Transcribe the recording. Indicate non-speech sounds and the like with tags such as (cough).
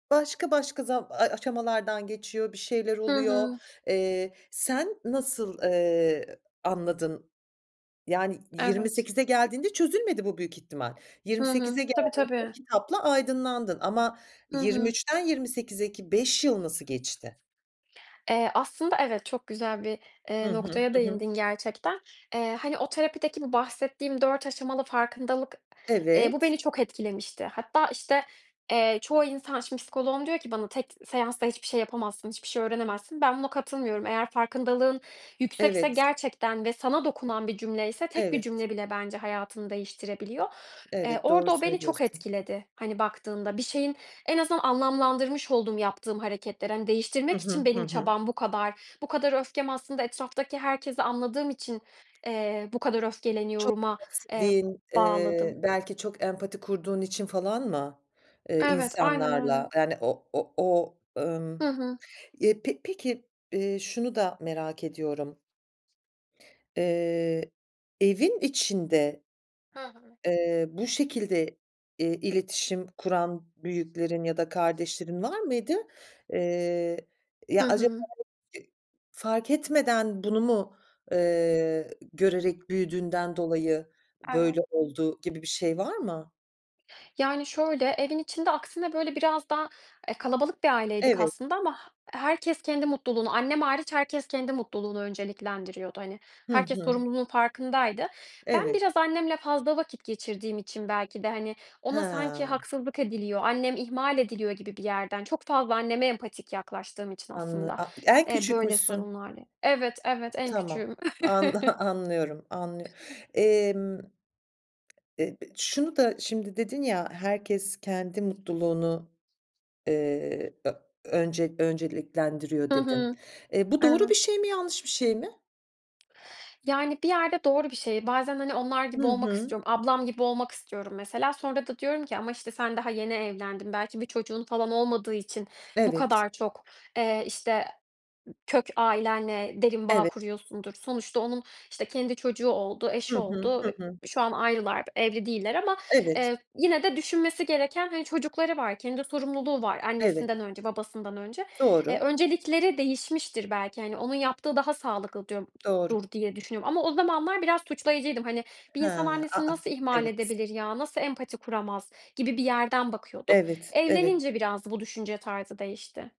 Başka başka za ay, aşamalardan geçiyor bir şeyler Hı oluyor. hı. Eee, sen nasıl, eee, anladın? Yani yirmi Evet. sekize geldiğinde çözülmedi bu büyük ihtimal. yirmi Hı sekize hı. Tabii, geldiğinde o tabii. kitapla aydınlandın ama Hı yirmi hı. üçten 28'e ki 5 yıl nasıl geçti? Eee, aslında evet, çok güzel bir, eee, Hı hı, noktaya hı hı. değindin gerçekten. Eee, hani, o terapideki bu bahsettiğim 4 aşamalı farkındalık, eee, bu Evet. beni çok etkilemişti. Hatta, işte, eee, çoğu insan, şimdi psikoloğum diyor ki bana, "Tek seansta hiçbir şey yapamazsın, hiçbir şey öğrenemezsin." Ben buna katılmıyorum. Eğer farkındalığın yüksekse Evet. gerçekten ve sana dokunan bir cümle ise tek bir Evet. cümle bile bence hayatını değiştirebiliyor. Eee, Evet, doğru orada o beni çok söylüyorsun. etkiledi, hani, baktığında. Bir şeyin en azından anlamlandırmış oldum yaptığım hareketleri. Hani, Hı değiştirmek için hı, hı benim hı. çabam bu kadar. "Bu kadar öfkem aslında etraftaki herkesi anladığım için, eee, bu kadar Çok öfkeleniyorum"a, (unintelligible) eee, sevdiğin, bağladım. eee, belki çok empati kurduğun için falan mı, eee, Evet, aynen öyle. insanlarla? Yani o o o Hı ımm hı. Eee, pe peki, eee, şunu da merak ediyorum. Eee, evin içinde Hı hı. eee, bu şekilde, eee, iletişim kuran büyüklerin ya da kardeşlerin var mıydı? Eee, Hı ya, acaba, hı. (unintelligible) eee, fark etmeden bunu mu, eee, görerek büyüdüğünden dolayı Evet. böyle oldu, gibi bir şey var mı? Yani şöyle: Evin içinde aksine böyle biraz daha, eee, kalabalık bir aileydik Evet. aslında ama he herkes kendi mutluluğunu annem hariç herkes kendi mutluluğunu önceliklendiriyordu. Hani, Hı herkes hı. sorumluluğun farkındaydı. Ben Evet. biraz annemle fazla vakit geçirdiğim için belki de, hani, ona sanki He. haksızlık ediliyor, "Annem ihmal ediliyor." gibi bir yerden çok fazla anneme empatik yaklaştığım için Anla aslında, a en eee, böyle küçükmüşsün. sorunlarla Evet, evet en Tamam, küçüğüm. T an anlıyorum. Anlıyo emm, eee, b şunu da şimdi dedin ya: "Herkes kendi mutluluğunu, eee, ö önce önceliklendiriyor." Hı dedin. hı. Eee, bu doğru bir Evet. şey mi? Yanlış bir şey mi? Yani, bir yerde doğru bir şey. Bazen, hani, onlar Hı gibi olmak hı. istiyorum. Ablam gibi olmak istiyorum mesela sonra da diyorum ki, "Ama, işte, sen daha yeni evlendin. Belki bir çocuğun falan olmadığı için bu Evet. kadar çok, eee, işte, kök ailenle derin bağ Evet. kuruyorsundur." Sonuçta onun, işte, kendi çocuğu oldu, Hı eşi hı, oldu. hı Eee, hı. şu an ayrılar, evli değiller ama, Evet. eee, yine de düşünmesi gereken, hani, çocukları var. Kendi sorumluluğu var Evet. annesinden önce, babasından önce. Eee, Doğru. öncelikleri değişmiştir. "Belki, hani, onun yaptığı daha sağlıklı." diyorum Doğru. dur diye düşünüyorum ama o zamanlar biraz suçlayıcıydım. Hani, "Bir insan Hıı. A, annesini a! nasıl ihmal Evet. edebilir ya? Nasıl empati kuramaz?" gibi bir yerden bakıyordum. Evet, evet. Evlenince biraz bu düşünce tarzı değişti.